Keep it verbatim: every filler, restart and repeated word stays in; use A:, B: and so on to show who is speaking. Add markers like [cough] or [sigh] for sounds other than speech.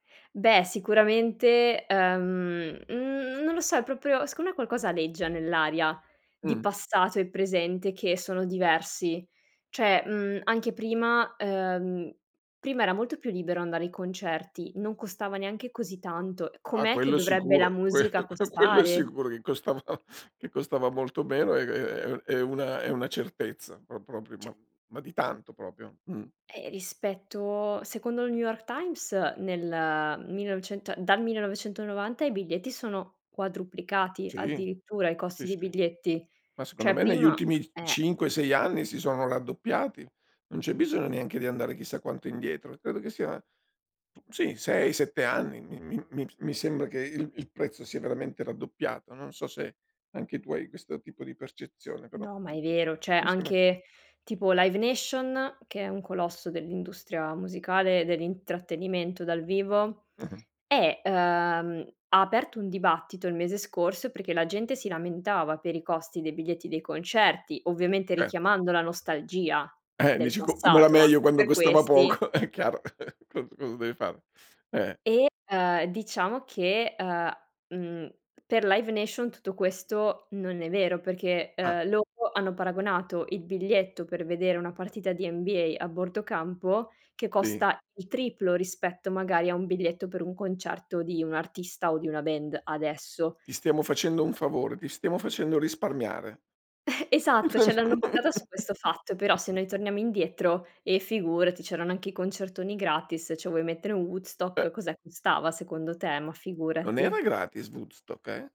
A: Beh, sicuramente, uhm, n non lo so, è propio secondo me qualcosa aleggia nell'aria di
B: Mh.
A: passato e presente che sono diversi. Cioè, mhmm, anche prima: uhm, prima era molto più libero andare ai concerti, non costava neanche così tanto.
B: Ah
A: Com'è che
B: quello
A: dovrebbe la
B: sicuro. Que
A: musica
B: que quello è
A: costare!
B: sicuro che costava che costava molto meno è è è è u è una è una certezza pro propri
A: ceh
B: ma ma di tanto propio, mh.
A: Eh rispetto secondo il New York Times, nel millenovecento dal millenovecentonovanta i biglietti sono quadruplicati
B: Sì.
A: addirittura, i
B: Sì,
A: costi dei
B: sì.
A: biglietti.
B: Ma secondo
A: Cioè
B: me negli
A: prima
B: ultimi
A: eh.
B: cinque sei anni si sono raddoppiati, non c'è bisogno neanche di andare chissà quanto indietro. Credo che sia, sì sei sette anni mi mi mi p s mi sembra che il il prezzo sia veramente raddoppiato. Non so se anche tu hai questo tipo di percezione, però
A: No, ma
B: m m
A: è vero, ceh
B: mi sembra
A: anche tipo Live Nation, che è un colosso dell'industria musicale e dell'intrattenimento dal vivo
B: Eh-eh.
A: eh, uhm, ha aperto un dibattito il mese scorso perché la gente si lamentava per i costi dei biglietti dei concerti, ovviamente
B: Cer
A: richiamando la nostalgia
B: Eh
A: del
B: dici: "Co come era
A: passato a
B: meio quando
A: per
B: costava
A: questi
B: poco!" È chiaro, cos cosa deve fare. Eh.
A: e, uhm, diciamo che, uhm, mhmm, per Life Nation tutto questo non è vero, perché,
B: Ah.
A: uhm, loro hanno paragonato il biglietto per vedere una partita di NBA a bordo campo, che
B: Sì.
A: costa il triplo rispetto magari a un biglietto per un concerto di un artista o di una band, adesso.
B: Ti stiamo facendo un favore, ti stiamo facendo risparmiare.
A: [chuckles] Esatto, ceh l'hanno buttata su questo fatto, però
B: [chuckles]
A: se noi torniamo indietro, eh figurati c'erano anche i concertoni gratis. ceh vuoi mettere un Woodstock,
B: E
A: cos'è, costava secondo te? Ma
B: Non
A: figurati.
B: era gratis Woodstock, eh?